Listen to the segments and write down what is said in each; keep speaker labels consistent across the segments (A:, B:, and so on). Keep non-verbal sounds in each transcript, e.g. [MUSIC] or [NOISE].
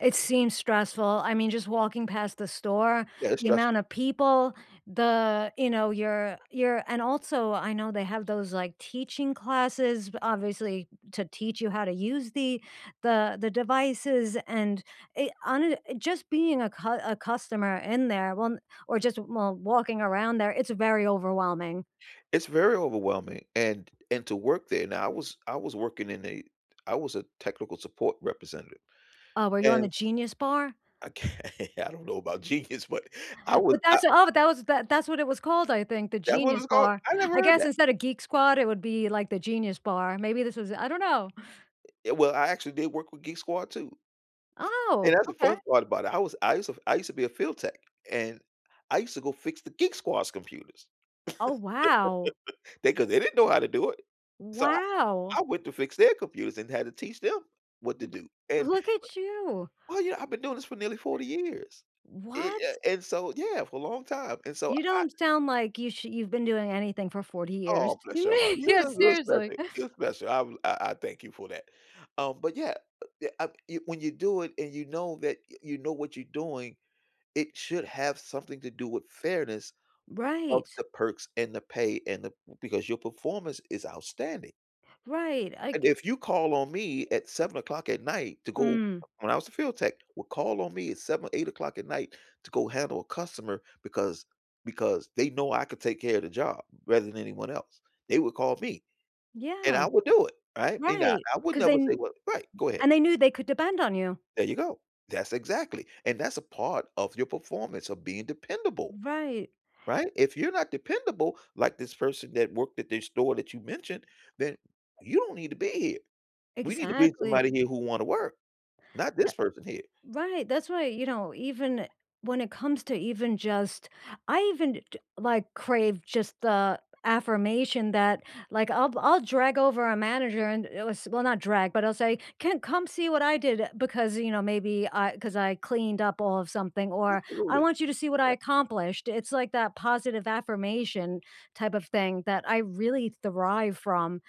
A: It seems stressful, I mean, just walking past the store,
B: Yeah, that's
A: the
B: stress
A: amount of people, the you know, you're you're and, also, I know they have those, like, teaching classes b obviously to teach you how to use the the the devices and, eh hone just being a cu a customer in there won or just lol walking around there, it's very overwhelming.
B: It's very overwhelming, and and to work there now I was I was working in a I was a technical support representative,
A: Oh, were you on
B: and
A: the Genius Bar?
B: Okay, I don't know about genius, but I would
A: But
B: I
A: that's oh, that was that that's what it was called, I think, the
B: That's what it
A: Genius
B: was called?
A: Bar,
B: I never
A: I
B: heard
A: guess
B: that.
A: instead of Geek Squad, it would be, like, the Genius Bar, maybe this was I don't know.
B: Eh, well, I actually did work with Geek Squad, too.
A: Oh,
B: And that's the
A: okay.
B: fun part about it, I was I used to I used to be a field tech, and I used to go fix the Geek Squad's computers.
A: Oh, wow.
B: [LAUGHS] They 'cause they didn't know how to do it. So I
A: Wow.
B: I went to fix their computers and had to teach them what
A: Wu
B: to
A: b
B: do, and, b
A: look at you.
B: well, you know, I've been doing this for nearly 40 years. E
A: What?
B: eh, and so yeah, for a long time, and so,
A: You
B: I
A: don't sound like you sh you've been doing anything for 40
B: Awe,
A: years.
B: bless your heart,
A: [LAUGHS]
B: you're
A: Yeah,
B: you're you're
A: seriously.
B: special, you're special, I bl I I thank you for that. Um, but, yeah, uh, ye a when you do it and you know that you know what you're doing, it should have something to do with fairness of
A: Right.
B: the perks and the pay and the because your performance is outstanding.
A: Right, I
B: And
A: g
B: if you call on me at 7:00 at night to go
A: Mm.
B: when I was a field tech, would call on me at 7:00 or 08:00 at night to go handle a customer because because they know I could take care of the job rather than anyone else. They would call me, and
A: Yeah.
B: I would do it. Right? And I
A: Right,
B: I would
A: 'cause
B: never
A: then
B: say, "Well" right, go ahead.
A: and they knew they could depend on you.
B: There you go. That's exactly and that's a part of your performance of being dependable.
A: Right.
B: Right? If you're not dependable, like this person that worked at this store that you mentioned, then you don't need to be here. We need to bring
A: Exactly.
B: somebody here who wanna work. Not
A: Uh
B: this person here.
A: right, that's why, you know, even when it comes to even just I even d d like, crave just the affirmation that, like, I'll I'll drag over a manager and it was well, not drag, but I'll say, "Ken, come see what I did," because, you know, maybe I 'cause I cleaned up all of something, or, "I
B: Absolutely.
A: want you to see what I
B: Yeah.
A: accomplished," it's, like, that positive affirmation type of thing that I really thrive from,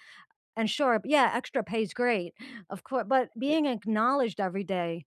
A: and sure, yeah, extra pay's great, of cour but
B: Yeah.
A: being acknowledged every day